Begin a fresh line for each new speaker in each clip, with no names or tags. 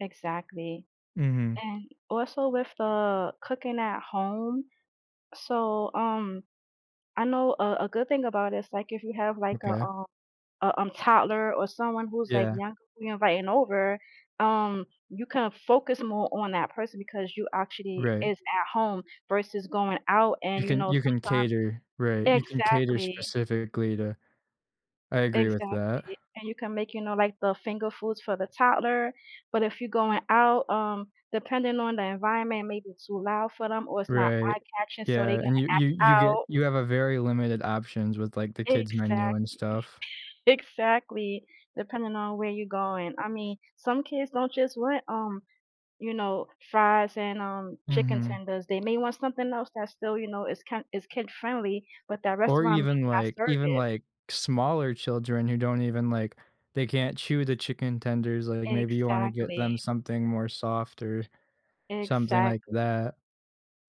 Exactly.
Mhm.
And also with the cooking at home, so, um, I know a a good thing about it is, like, if you have like a,
Okay.
um a, um, toddler or someone who's like
Yeah.
younger you're inviting over, um, you can focus more on that person because you actually
Right.
is at home versus going out and
You
you
can
know,
you can
sometimes
cater, right? You can cater
exactly.
specifically to I agree with that.
Exactly, and you can make, you know, like the finger foods for the toddler, but if you're going out, um, depending on the environment, maybe it's too loud for them or it's not
Right,
eye-catching, so
yeah,
they're gonna
and you you
act
you get
out.
you have a very limited options with like the kids' menu and
Exactly,
stuff.
exactly, depending on where you're going. I mean, some kids don't just want, um, you know, fries and, um, chicken
Mhm.
tenders. They may want something else that's still, you know, is kin is kid friendly, but that
Or
restaurant
even
may not
like
serve
even
it.
like smaller children who don't even like they can't chew the chicken tenders, like, maybe you wanna get them
Exactly.
something more soft or something like
Exactly.
that.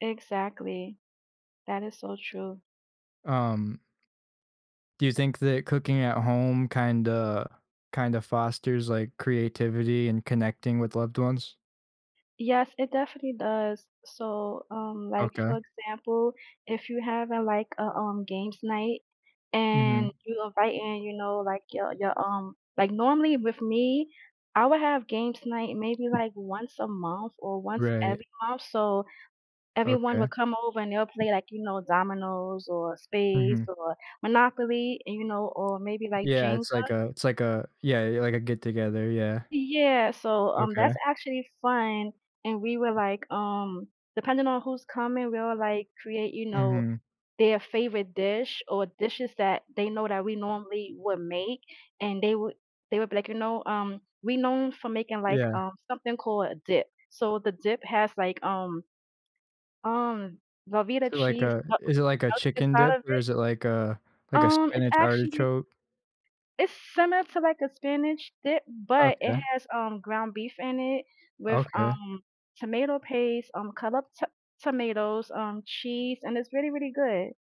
Exactly. That is so true.
Um Do you think that cooking at home kinda kinda fosters like creativity and connecting with loved ones?
Yes, it definitely does. So, um, like,
Okay.
for example, if you're having like a, um, games night and
Mhm.
you invite in, you know, like, your your, um like, normally with me I would have games night maybe like once a month or once
Right.
every month, so everyone
Okay.
would come over and they'll play like, you know, dominoes or spades
Mhm.
or Monopoly, and, you know, or maybe, like,
Yeah, it's like
Jenga.
a it's like a yeah, yeah, like a get together, yeah.
Yeah, so, um,
Okay.
that's actually fun, and we were like, um, depending on who's coming, we'll like create, you know,
Mhm.
their favorite dish or dishes that they know that we normally would make, and they would they would be like, you know, um we're known for making like,
Yeah.
um, something called a dip. So the dip has, like, um um, Velveeta
So like
cheese, [unintelligible]
a is it like a
melted
chicken
inside
dip?
of
Or
it.
is it like a like a
Um, it's
spinach
actually
artichoke?
It's similar to, like, a spinach dip, but it
Okay.
has, um, ground beef in it with,
Okay.
um, tomato paste, um, cut up t tomatoes, um, cheese, and it's really, really good.